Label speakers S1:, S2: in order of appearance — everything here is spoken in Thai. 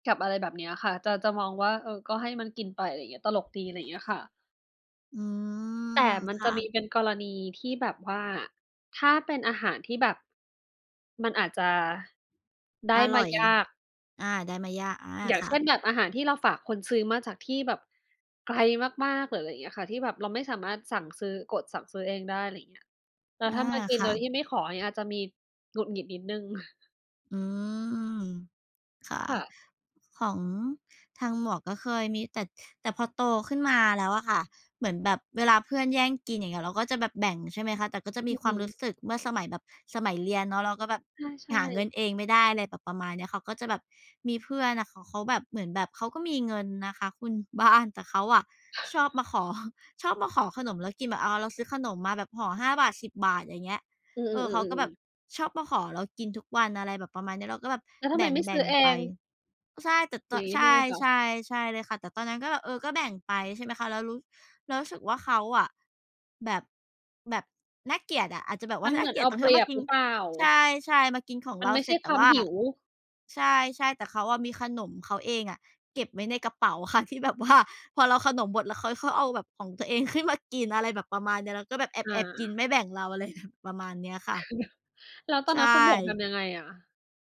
S1: กับอะไรแบบเนี้ยค่ะ จะ จะมองว่า เออ ก็ให้มันกินไป อะไรเงี้ย ตลกดี อะไรเงี้ยค่ะ
S2: อื
S1: แต่
S2: ม
S1: มัน
S2: ค
S1: จ
S2: ่
S1: ะมี
S2: ะ
S1: เป็นกรณีที่แบบว่า ถ้าเป็นอาหารที่แบบ มันอาจจะ ได้
S2: อ
S1: ม
S2: ร
S1: า
S2: ่อย
S1: ยาก
S2: อา ได้มายาก อา
S1: อย่าง
S2: ค
S1: เ
S2: ่
S1: ช่น
S2: ะ
S1: แบบอาหารที่เราฝากคนซื้อ มาจากที่แบบ ไกลมาก ๆ หรืออะไรอย่างเงี้ยค่ะ ที่แบบเราไม่สามารถสั่ง ซื้อ กดสั่งซื้อเองได้ ไรเงี้ย แล้ว
S2: อ
S1: ถ้
S2: า
S1: ามากิน
S2: ค
S1: โ
S2: ่
S1: ด
S2: ะ
S1: ยที่ไม่ขอ อย่างเงี้ย อาจจะมีหงุดหงิดนิดหนึ่ง
S2: อืม ค่ะ
S1: ค่ะ
S2: ของทางหมวกก็เคยมี แต่ แต่พอโตขึ้นมาแล้วอะค่ะ เหมือนแบบเวลาเพื่อนแย่งกิน อย่างเงี้ย เราก็จะแบบแบ่ง ใช่ไหมคะ แต่ก็จะม
S1: อื
S2: ี
S1: อ
S2: ค
S1: ฮ
S2: วามรู้
S1: ึ
S2: สึกเมื่อสมัยแบบ สมัยเรียนเนาะ เราก็แบบ
S1: ถ้าใช
S2: หาเงิ
S1: ่
S2: นเองไม่ได้ อะไรแบบประมาณเนี้ย เขาก็จะแบบ มีเพื่อนน่ะ ข เขาแบบเหมือนแบบเขาก็มีเงินนะคะคุณ บ้าน แต่เขาอะชอบมาขอ ชอบมาขอขนมแล้วกินแบบ อ้าว เราซื้อขนมมาแบบห่อ 5 บาท 10 บาท อย่างเงี้ย
S1: อื
S2: เออ เขาก็
S1: อ
S2: แบ
S1: ๆ ๆ
S2: บ
S1: ๆ ๆ
S2: ชอบมาขอเรากินทุกวัน อะไรแบบประมาณเนี้ย เราก็แบบ
S1: แล้วท
S2: แ
S1: ำ
S2: บ
S1: ไมไม่ซื
S2: ่
S1: ้
S2: ง
S1: อเอ
S2: ๆ ไป
S1: ง
S2: ก็ใช่ แต่ ต
S1: อย่างงี้
S2: ใช
S1: ใช่
S2: ่
S1: ไหมคะ?
S2: ๆ ใช่เลยค่ะ แต่ตอนนั้นก็แบบ เออ ก็แบ่งไป ใช่ไหมคะ เรารู้ เรารู้สึกว่าเขาอะ แบบ แบบ น่าเกลียดอะ อาจจะแบบว
S1: ม
S2: ่
S1: ั
S2: า
S1: น
S2: น
S1: เ
S2: ่
S1: หม
S2: า
S1: ื
S2: เ
S1: อน
S2: กลี
S1: เ
S2: ย
S1: อ
S2: ด
S1: า
S2: ตรงท
S1: เป
S2: ี่
S1: ร
S2: ว่
S1: ี
S2: าม
S1: ย
S2: า
S1: บ
S2: กิ
S1: ห
S2: น
S1: รือเปล่า?
S2: ใช่ ๆ มากินของ
S1: มั
S2: เร
S1: น
S2: า
S1: ไม่
S2: เ
S1: ใ
S2: ส
S1: ช
S2: ร็
S1: ่
S2: จ แต
S1: ค
S2: ่
S1: วา
S2: ว
S1: ม
S2: ่า
S1: ห
S2: อ
S1: ิว
S2: ใช่ ๆ แต่เขาอะมีขนมเขาเองอะเก็บไว้ในกระเป๋า ค่ะ ที่แบบว่า พอเราขนมหมด แล้วค้อยค่อยเอาแบบของตัวเอง ขึ้นมา กิน อะไรแบบประมาณเนี้ย แล้วก็แบบแ
S1: อ
S2: อ
S1: า
S2: บ ๆ กินไม่แบ่งเรา อะ ไรแบบ ประมาณเนี้ยค่
S1: คื
S2: ะ
S1: อแบบ แล้วตอ
S2: ใ
S1: น
S2: ช
S1: นั้นคุณหมวกท
S2: ่
S1: ำยังไงอะ?